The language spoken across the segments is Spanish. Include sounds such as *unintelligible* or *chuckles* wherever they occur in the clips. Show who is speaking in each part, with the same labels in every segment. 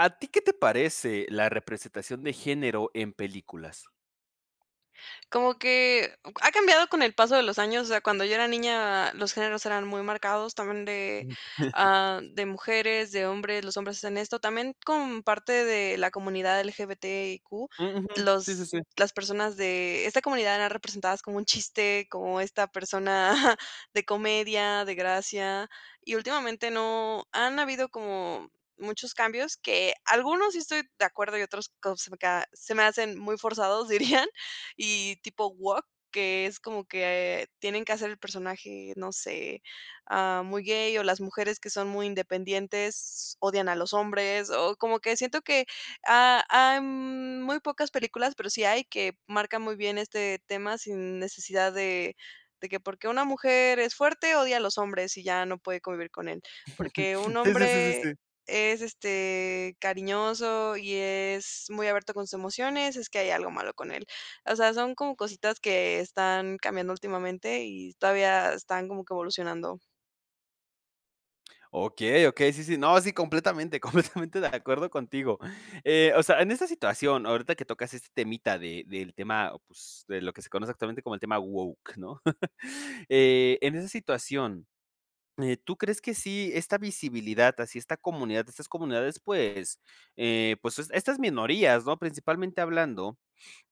Speaker 1: ¿A ti qué te parece la representación de género en películas?
Speaker 2: Como que o ca ha cambiado con el paso de los años. O sea, cuando yo era niña, los géneros eran muy marcados también de, ah,
Speaker 1: *chuckles*
Speaker 2: de mujeres, de hombres, los hombres hacen esto también como parte de la comunidad LGBTIQ,
Speaker 1: Ujú. Sí, sí,
Speaker 2: los
Speaker 1: sí.
Speaker 2: las personas de esta comunidad eran representadas como un chiste, como esta persona, *chuckles* de comedia, de gracia. Y últimamente no han habido como muchos cambios que algunos sí estoy de acuerdo, y otros co se me ca se me hacen muy forzados, dirían y tipo woke, que es como que tienen que hacer el personaje, no sé, ah, muy gay o las mujeres que son muy independientes, odian a los hombres o como que siento que ha hay muy pocas películas, pero sí hay que marcan muy bien este tema sin necesidad de de que: "Porque una mujer es fuerte, odia a los hombres, y ya no puede convivir con él". "Porque un
Speaker 1: *chuckles* Sí, sí, sí, sí,
Speaker 2: hombre
Speaker 1: sí.
Speaker 2: es, este, cariñoso y es muy abierto con sus emociones, es que hay algo malo con él". O sea, son como cositas que están cambiando últimamente y todavía están como que evolucionando.
Speaker 1: Okey, Okey, sí, sí. No, sí, completamente, completamente de acuerdo contigo. Eh, o sea, en esta situación, ahorita que tocas este temita de del tema, pues de lo que se conoce actualmente como el tema woke, ¿no?, *chuckles* eh, en esa situación, eh, ¿tú crees que sí esta visibilidad, así esta comunidad, estas comunidades, pues eh, pues es estas minorías, ¿no?, principalmente hablando.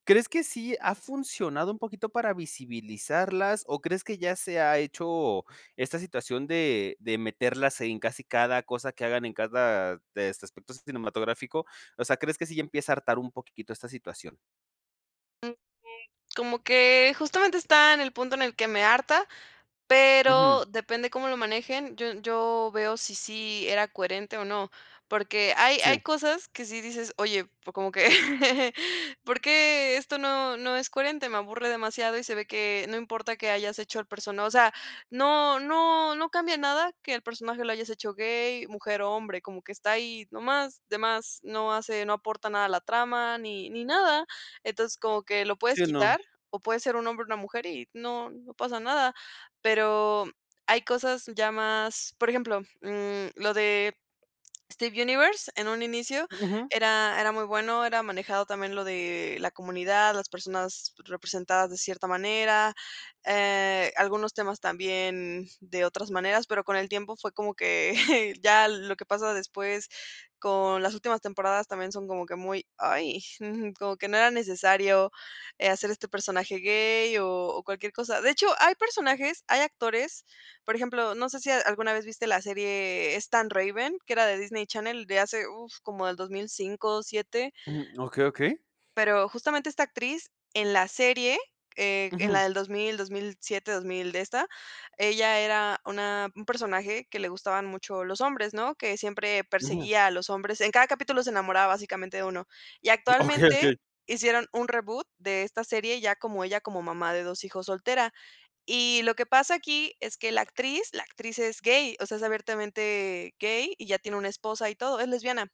Speaker 1: ¿Crees que sí ha funcionado un poquito para visibilizarlas o crees que ya se ha hecho esta situación de de meterlas en casi cada cosa que hagan en cada de este aspecto cinematográfico? O sea, ¿crees que sí ya empieza a hartar un poquitito esta situación?
Speaker 2: *unintelligible* como que justamente está en el punto en el que me harta,
Speaker 1: Ujú.
Speaker 2: pero depende de cómo lo manejen. Yo yo veo si sí era coherente o no, porque hay
Speaker 1: Sí.
Speaker 2: hay cosas que si dices: "Oye, pues como que *chuckles* ¿Por qué esto no, no es coherente?". Me aburre demasiado y se ve que no importa que hayas hecho el persona o sea, no no no cambia nada que el personaje lo hayas hecho gay, mujer o hombre, como que está ahí nomás, de más, no hace, no aporta nada a la trama ni ni nada. Entonces como que lo puedes
Speaker 1: Sí, no.
Speaker 2: quitar, o puede ser un hombre o una mujer y no, no pasa nada. Pero hay cosas ya más, por ejemplo, mm, lo de Steven Universe en un inicio
Speaker 1: Ujú.
Speaker 2: era era muy bueno. Era manejado también lo de la comunidad, las personas representadas de cierta manera, eh, algunos temas también de otras maneras, pero con el tiempo fue como que *chuckles* ya lo que pasa después con las últimas temporadas también son como que muy, ay, *chuckles* como que no era necesario, eh, hacer este personaje gay o o cualquier cosa. De hecho, hay personajes, hay actores, por ejemplo, no sé si a alguna vez viste la serie Es tan Raven, que era de Disney Channel de hace uf, como del 2005, 7.
Speaker 1: Mm, okey, okey.
Speaker 2: Pero justamente esta actriz en la serie, eh, en la
Speaker 1: Ujú.
Speaker 2: del 2000, 2007, 2000 de esta, ella era una un personaje que le gustaban mucho los hombres, ¿no?, que siempre
Speaker 1: Ujú.
Speaker 2: perseguía a los hombres. En cada capítulo se enamoraba básicamente de 1 y
Speaker 1: Okey,
Speaker 2: actualmente
Speaker 1: okey.
Speaker 2: hicieron un reboot de esta serie ya como ella como mamá de 2 hijos soltera. Y lo que pasa aquí es que la actriz, la actriz es gay, o sea, es abiertamente gay y ya tiene una esposa y todo, es lesbiana.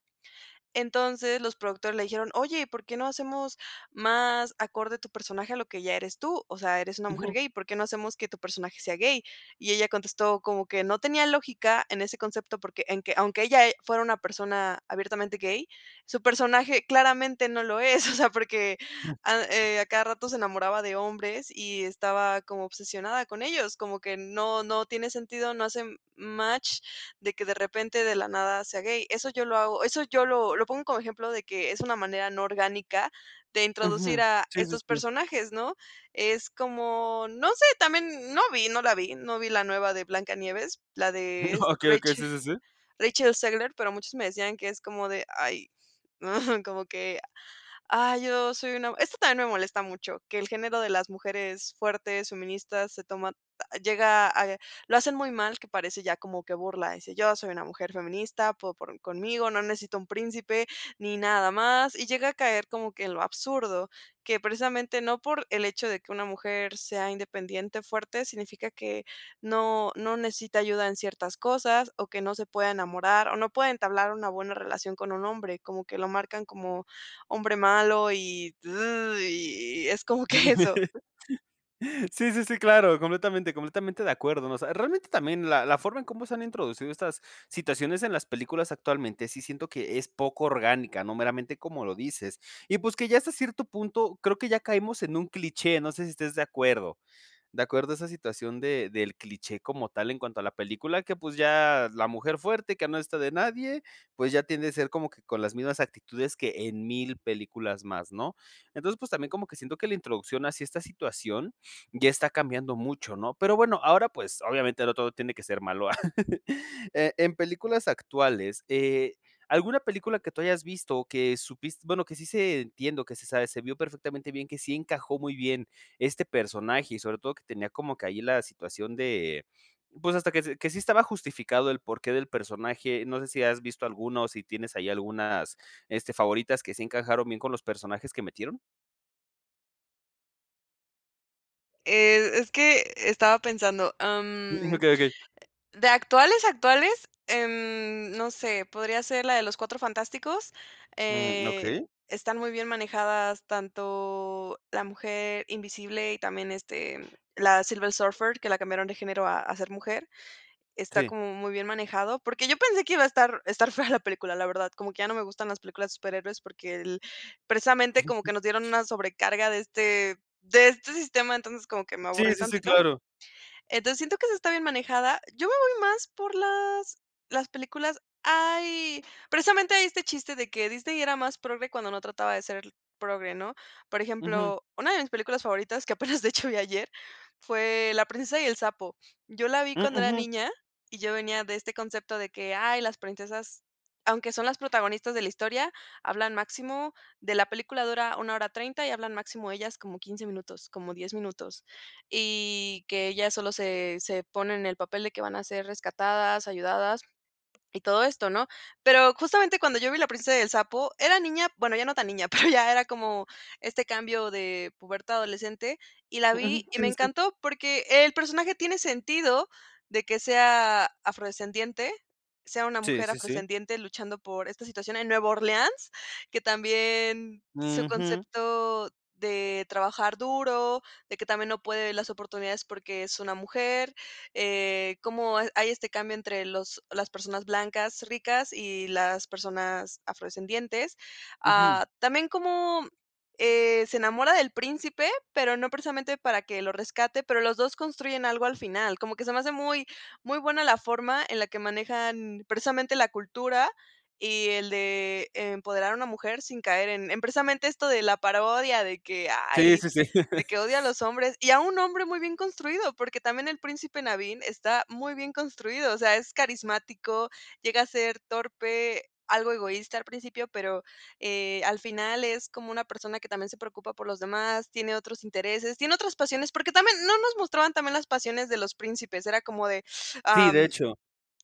Speaker 2: Entonces, los productores le dijeron: "Oye, ¿por qué no hacemos más acorde tu personaje a lo que ya eres tú, o sea, eres una mujer
Speaker 1: Ujú.
Speaker 2: gay. ¿Por qué no hacemos que tu personaje sea gay? Y ella contestó como que no tenía lógica en ese concepto porque en que aunque ella e fuera una persona abiertamente gay, su personaje claramente no lo es. *chuckles* O sea, porque
Speaker 1: Jum.
Speaker 2: a eh, a cada rato se enamoraba de hombres y estaba como obsesionada con ellos como que no, no tiene sentido, no hace match de que de repente de la nada sea gay. Eso yo lo hago eso yo lo lo pongo como ejemplo de que es una manera no orgánica de introducir
Speaker 1: Ujú.
Speaker 2: a
Speaker 1: Sí, sí,
Speaker 2: estos
Speaker 1: sí.
Speaker 2: personajes, ¿no? Es como, no sé, también no vi, no la vi, no vi la nueva de Blanca Nieves, la de es
Speaker 1: *chuckles* Okey, okey. Sí,
Speaker 2: Rachel
Speaker 1: sí, sí.
Speaker 2: Rachel Zegler, pero muchos me decían que es como de: "Ay,", *chuckles* como que: "Ay, yo soy una", esto también me molesta mucho que el género de las mujeres fuertes, feministas se toma llega a lo hacen muy mal que parece ya como que burla dice yo soy una mujer feminista po por conmigo, no necesito un príncipe ni nada más y llega a caer como que en lo absurdo que precisamente no por el hecho de que una mujer sea independiente, fuerte, significa que no, no necesita ayuda en ciertas cosas o que no se pueda enamorar o no pueda entablar una buena relación con un hombre, como que lo marcan como hombre malo y y es como que eso.
Speaker 1: *chuckles* Sí, sí, sí, claro, completamente, completamente de acuerdo. O sea, realmente también la la forma en cómo se han introducido estas situaciones en las películas actualmente sí, siento que es poco orgánica, no meramente como lo dices y pues que ya hasta cierto punto, creo que ya caemos en un cliché. No sé si estés de acuerdo. De acuerdo a esa situación de del cliché como tal en cuanto a la película que pues ya la mujer fuerte que no está de nadie, pues ya tiende a ser como que con las mismas actitudes que en 1000 películas más, ¿no? Entonces, pues también como que siento que la introducción hacia esta situación ya está cambiando mucho, ¿no?, pero bueno, ahora, pues obviamente no todo tiene que ser malo. *chuckles* Eh, en películas actuales, eh, alguna película que tú hayas visto que supis bueno, que sí se entiendo o que se sabe, se vio perfectamente bien que sí encajó muy bien este personaje y sobre todo, que tenía como que ahí la situación de, pues hasta que se que sí estaba justificado el porqué del personaje. No sé si has visto alguno o si tienes ahí algunas, este, favoritas que si encajaron bien con los personajes que metieron.
Speaker 2: Eh, es que, estaba pensando, am,
Speaker 1: *chuckles* Okey, okey.
Speaker 2: de actuales, actuales, em, no sé, podría ser la de Los Cuatro Fantásticos,
Speaker 1: Mm,
Speaker 2: eh,
Speaker 1: Okey.
Speaker 2: están muy bien manejadas tanto, La Mujer Invisible y también este, la Silver Surfer, que la cambiaron de género a a ser mujer. Está
Speaker 1: Sí.
Speaker 2: como muy bien manejado, porque yo pensé que iba a estar estar fea la película, la verdad, como que ya no me gustan las películas de superhéroes porque el precisamente como que nos dieron
Speaker 1: *chuckles*
Speaker 2: una sobrecarga de este de este sistema. Entonces como que me
Speaker 1: Sí,
Speaker 2: aburrí
Speaker 1: sí, sí,
Speaker 2: tantito.
Speaker 1: claro.
Speaker 2: Entonces siento que sí está bien manejada. Yo me voy más por las las películas Ay, precisamente hay este chiste de que: "Disney era más progre cuando no trataba de ser progre", ¿no? Por
Speaker 1: Ujú.
Speaker 2: ejemplo, una de mis películas favoritas, que apenas de hecho vi ayer, fue La Princesa y el Sapo. Yo la vi
Speaker 1: Mm,
Speaker 2: cuando era
Speaker 1: Ujú.
Speaker 2: niña y yo venía de este concepto de que: "Ay, las princesas, aunque son las protagonistas de la historia, hablan máximo, de". La película dura 1 hora 30 y hablan máximo ellas como 15 minutos, como 10 minutos. Y que ellas solo se se ponen en el papel de que van a ser rescatadas, ayudadas y todo esto, ¿no? Pero justamente cuando yo vi La Princesa y el Sapo, era niña, bueno, ya no tan niña, pero ya era como este cambio de pubertad adolescente y la
Speaker 1: Ujú.
Speaker 2: vi y
Speaker 1: Sí,
Speaker 2: me
Speaker 1: sí, sí.
Speaker 2: encantó porque el personaje tiene sentido de que sea afrodescendiente, sea una
Speaker 1: Sí,
Speaker 2: mujer
Speaker 1: sí, sí.
Speaker 2: afrodescendiente luchando por esta situación en Nueva Orleans, que también su
Speaker 1: Ujú.
Speaker 2: concepto de trabajar duro, de que también no puede las oportunidades porque es una mujer, eh, como ha hay este cambio entre los las personas blancas ricas y las personas afrodescendientes,
Speaker 1: Ujú.
Speaker 2: ah, también como, eh, se enamora del príncipe, pero no precisamente para que lo rescate, pero los 2 construyen algo al final, como que se me hace muy muy buena la forma en la que manejan precisamente la cultura y el de empoderar a una mujer sin caer en en precisamente esto de la parodia de que:
Speaker 1: Sí,
Speaker 2: "Ay",
Speaker 1: sí, sí.
Speaker 2: de
Speaker 1: *chuckles*
Speaker 2: que: "Odia a los hombres y a un hombre muy bien construido", porque también el Príncipe Nabín está muy bien construido. O sea, es carismático, llega a ser torpe, algo egoísta al principio, pero, eh, al final es como una persona que también se preocupa por los demás. Tiene otros intereses, tiene otras pasiones porque también, no nos mostraban también las pasiones de los príncipes. Era como de:
Speaker 1: Sí, de
Speaker 2: "Am,
Speaker 1: hecho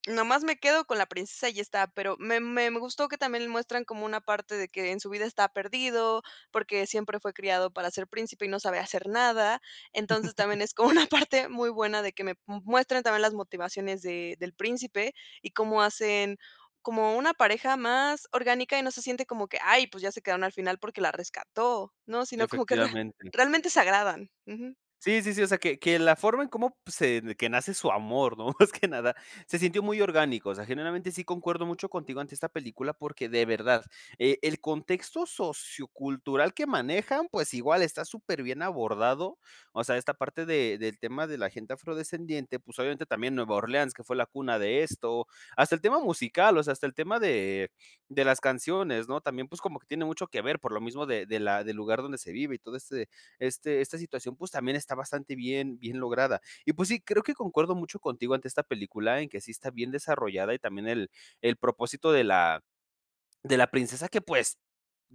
Speaker 2: nomás me quedo con la princesa y ya está", pero me me me gustó que también muestran como una parte de que: "En su vida está perdido, porque siempre fue criado para ser Príncipe y no sabe hacer nada". Entonces
Speaker 1: *laughs*
Speaker 2: también es como una parte muy buena, de que me m muestren también las motivaciones de del Príncipe y cómo hacen, como una pareja más orgánica y no se siente como que: "Ay, pues ya se quedaron al final porque la rescató". No, sino como que real
Speaker 1: Efectivamente.
Speaker 2: realmente se agradan. Ujú.
Speaker 1: Sí, sí, sí, o sea, que que la forma en como pues, se de que nace su amor, ¿no?, más que nada, se sintió muy orgánico, o sea, generalmente, sí concuerdo mucho contigo ante esta película, porque de verdad, eh, el contexto sociocultural que manejan, pues igual está superbién abordado. O sea, esta parte de del tema de la gente afrodescendiente, pues obviamente también Nueva Orleans que fue la cuna de esto, hasta el tema musical, o sea, hasta el tema de de las canciones, ¿no?, también, pues como que tiene mucho que ver, por lo mismo de de la del lugar donde se vive y todo este este esta situación, pues también está bastante bien, bien lograda. Y pues sí, creo que concuerdo mucho contigo ante esta película, en que sí está bien desarrollada, y también el el propósito de la de la princesa que pues,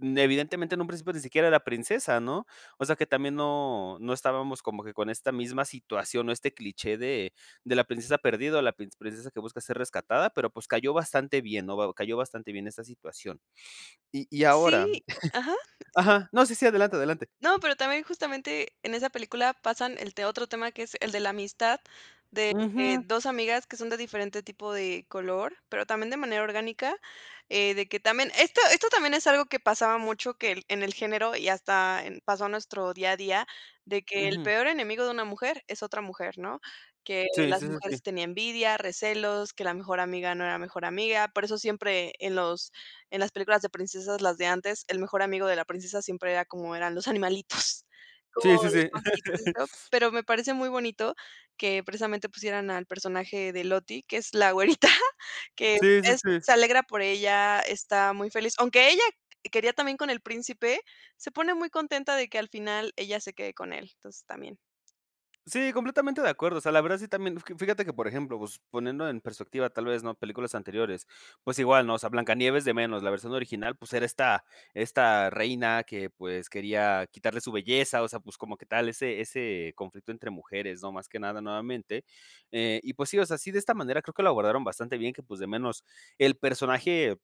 Speaker 1: evidentemente, en un principio ni siquiera era princesa, ¿no? O sea, que también no no estábamos como que con esta misma situación o este cliché de de la princesa perdida o la princ princesa que busca ser rescatada, pero pues, cayó bastante bien, ¿no?, cayó bastante bien esta situación. Y y ahora
Speaker 2: Sí, ajá
Speaker 1: *chuckles* Ajá, no, sí, sí, adelante, adelante.
Speaker 2: No, pero también, justamente, en esa película pasan él te otro tema que es el de la amistad, de que
Speaker 1: Ujú.
Speaker 2: 2 amigas que son de diferente tipo de color, pero también de manera orgánica, eh, de que también esto esto también es algo que pasaba mucho que el en el género y hasta en pasó nuestro día a día, de que el
Speaker 1: Ujú.
Speaker 2: peor enemigo de una mujer es otra mujer, ¿no?, que
Speaker 1: Sí,
Speaker 2: las
Speaker 1: sí, sí, sí.
Speaker 2: mujeres tiene envidia, recelos, que la mejor amiga no era la mejor amiga. Por eso siempre en los en las películas de princesas, las de antes, el mejor amigo de la princesa siempre era como eran los animalitos,
Speaker 1: Sí,
Speaker 2: o
Speaker 1: sí,
Speaker 2: los
Speaker 1: sí.
Speaker 2: pajaritos y
Speaker 1: *laughs*
Speaker 2: esto, pero me parece muy bonito que precisamente pusieran al personaje de Lottie, que es la güerita que
Speaker 1: Sí, sí,
Speaker 2: es
Speaker 1: sí.
Speaker 2: se alegra por ella, está muy feliz, aunque ella quería también con el príncipe, se pone muy contenta de que al final, ella se quede con él, entonces, también.
Speaker 1: Sí, completamente de acuerdo. O sea, la verdad sí, también Fíjate que, por ejemplo, pues, poniendo en perspectiva, tal vez, ¿no?, películas anteriores. Pues, igual, ¿no?, o sea, Blanca Nieves de menos la versión original, pues, era esta esta reina que, pues, quería quitarle su belleza. O sea, pues, como que tal ese ese conflicto entre mujeres, ¿no?, más que nada nuevamente. Eh, y pues sí, o sea, sí, de esta manera, creo que lo abordaron bastante bien, que pues, de menos el personaje,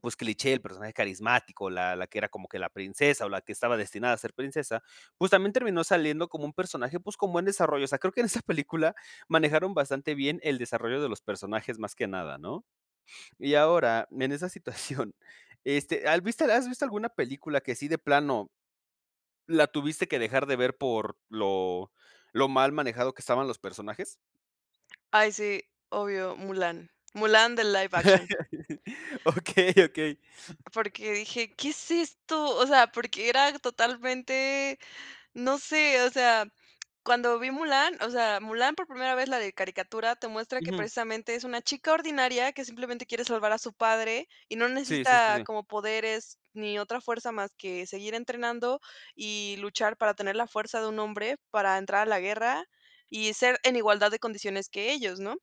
Speaker 1: pues, cliché, el personaje carismático, la la que era como que la princesa, o la que estaba destinada a ser princesa. Pues, también terminó saliendo como un personaje, pues, con buen desarrollo. O sea, creo que en esa película manejaron bastante bien el desarrollo de los personajes, más que nada, ¿no? *sniffs* Y ahora, en esa situación este, ¿has visto has visto alguna película que sí de plano, la tuviste que dejar de ver por lo lo mal manejado que estaban los personajes?
Speaker 2: Ay sí, obvio, Mulán, Mulán del live action.
Speaker 1: *laughs* Okey, okey.
Speaker 2: Porque dije, ¿qué es esto? O sea, porque era totalmente, no sé, o sea, cuando vi Mulán o sea, Mulán por primera vez la de caricatura, te muestra que
Speaker 1: Ujú.
Speaker 2: precisamente es una chica ordinaria que simplemente quiere salvar a su padre y no
Speaker 1: Sí, sí, sí,
Speaker 2: necesita
Speaker 1: sí.
Speaker 2: como poderes, ni otra fuerza más que seguir entrenando, y luchar para tener la fuerza de un hombre para entrar a la guerra, y ser en igualdad de condiciones que ellos, ¿no?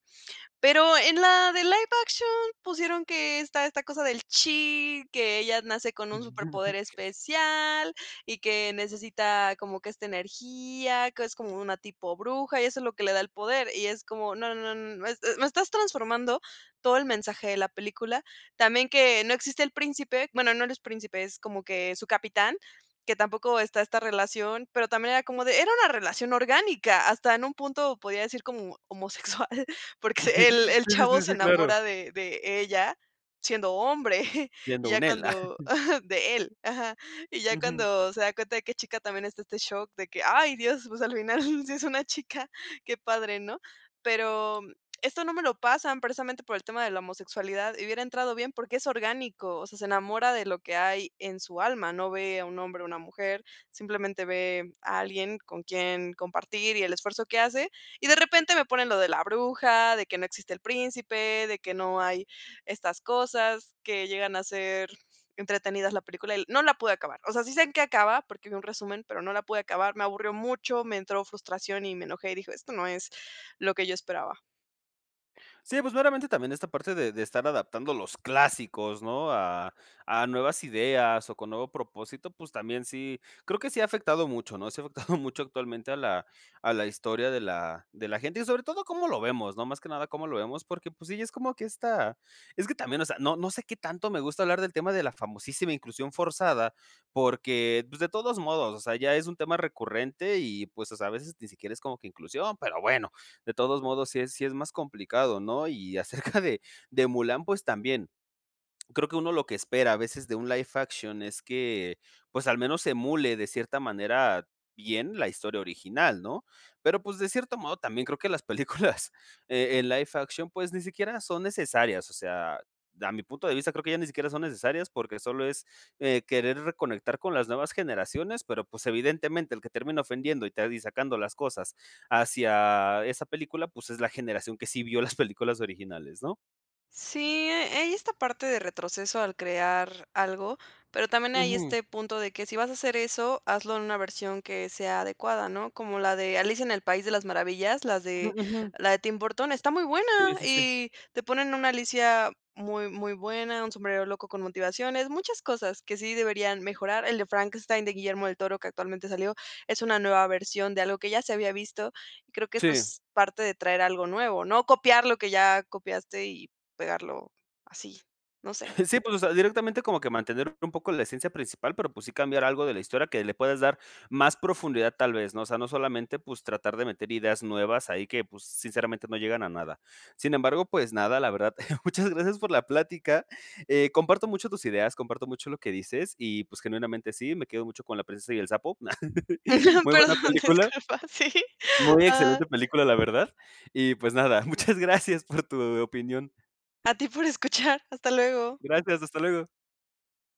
Speaker 2: Pero en la de live action pusieron que esta esta cosa del chi, que ella nace con un superpoder especial y que necesita como que esta energía, que es como una tipo bruja, y eso es lo que le da el poder. Y es como no, no, no, no es, eh, me estás transformando todo el mensaje de la película. También que no existe el príncipe, bueno no, no es príncipe, es como que, es su capitán, que tampoco está esta relación, pero también era como de, era una relación orgánica, hasta en un punto podría decir como homosexual, porque el
Speaker 1: *chuckles*
Speaker 2: el
Speaker 1: Sí, sí, sí,
Speaker 2: chavo se
Speaker 1: sí, claro.
Speaker 2: enamora de de ella siendo hombre *chuckles*
Speaker 1: Siendo
Speaker 2: y ya
Speaker 1: un él.
Speaker 2: cuando
Speaker 1: *chuckles*
Speaker 2: ajá, de él, ajá. Y ya
Speaker 1: Ujú.
Speaker 2: cuando se da cuenta de que es chica también está este shock de que, ay, Dios, pues, al final sí es una chica. Qué padre, ¿no? Pero esto no me lo pasan precisamente por el tema de la homosexualidad, y hubiera entrado bien, porque es orgánico. O sea, se enamora de lo que hay en su alma. No ve a un hombre o una mujer, simplemente ve a alguien con quien compartir y el esfuerzo que hace y de repente me ponen lo de la bruja, de que no existe el príncipe, de que no hay estas cosas que llegan a ser entretenidas la película, y no la pude acabar. O sea, sí sé en qué acaba porque vi un resumen, pero no la pude acabar. Me aburrió mucho, me entró frustración y me enojé, y dije: "Esto no es lo que yo esperaba".
Speaker 1: Sí, pues veramente también esta parte de de estar adaptando los clásicos, ¿no?, a a nuevas ideas, o con nuevo propósito, pues también sí, creo que sí ha afectado mucho, ¿no?, si ha afectado mucho actualmente a la a la historia de la de la gente. Y sobre todo, cómo lo vemos, ¿no?, más que nada, cómo lo vemos. Porque pues sí, ya es como que esta es que también, o sea, no no sé qué tanto me gusta hablar del tema de la famosísima inclusión forzada, porque pues de todos modos, o sea, ya es un tema recurrente y, pues o sea, a veces ni siquiera es como que inclusión, pero bueno, de todos modos, sí es sí es más complicado, ¿no? Y acerca de de Mulán, pues también. Creo que uno lo que espera a veces de un live action es que, pues al menos emule de cierta manera bien, la historia original, ¿no? Pero pues de cierto modo, también creo que las películas en en live action, pues ni siquiera son necesarias. O sea, da mi punto de vista, creo que ya ni siquiera son necesarias porque solo es, eh, querer reconectar con las nuevas generaciones, pero pues evidentemente el que termina ofendiendo y está ahí sacando las cosas hacia esa película, pues es la generación que sí vio las películas originales, ¿no?
Speaker 2: Sí, eh, hay esta parte de retroceso al crear algo, pero también hay
Speaker 1: Ujú.
Speaker 2: este punto de que si vas a hacer eso, hazlo en una versión que sea adecuada, ¿no?, como la de Alicia en el País de las Maravillas, las
Speaker 1: Ah,
Speaker 2: de
Speaker 1: ujú.
Speaker 2: la de Tim Burton, está muy buena
Speaker 1: Sí, sí, sí.
Speaker 2: y te ponen una Alicia muy, muy buena, un sombrerero loco con motivaciones, muchas cosas que sí deberían mejorar. El de Frankenstein de Guillermo del Toro, que actualmente salió, es una nueva versión de algo que ya se había visto y creo que eso
Speaker 1: Sí.
Speaker 2: es parte de traer algo nuevo, no copiar lo que ya copiaste y pegarlo así, no sé.
Speaker 1: *chuckles* Sí, pues o sea, directamente como que mantener un poco la esencia principal, pero pues sí, cambiar algo de la historia que le puedes dar más profundidad tal vez, ¿no? O sea, no solamente pues tratar de meter ideas nuevas ahí que pues sinceramente, no llegan a nada. Sin embargo, pues nada, la verdad muchas gracias por la plática, eh, comparto mucho tus ideas comparto mucho lo que dices y pues genuinamente sí, me quedo mucho con La Princesa y el Sapo, *laughs*
Speaker 2: *laughs*
Speaker 1: muy buena
Speaker 2: Perdón,
Speaker 1: película.
Speaker 2: disculpa, sí,
Speaker 1: Muy
Speaker 2: ah
Speaker 1: excelente película, la verdad y pues nada. Muchas gracias por tu opinión.
Speaker 2: A ti por escuchar. Hasta luego.
Speaker 1: Gracias. Hasta luego.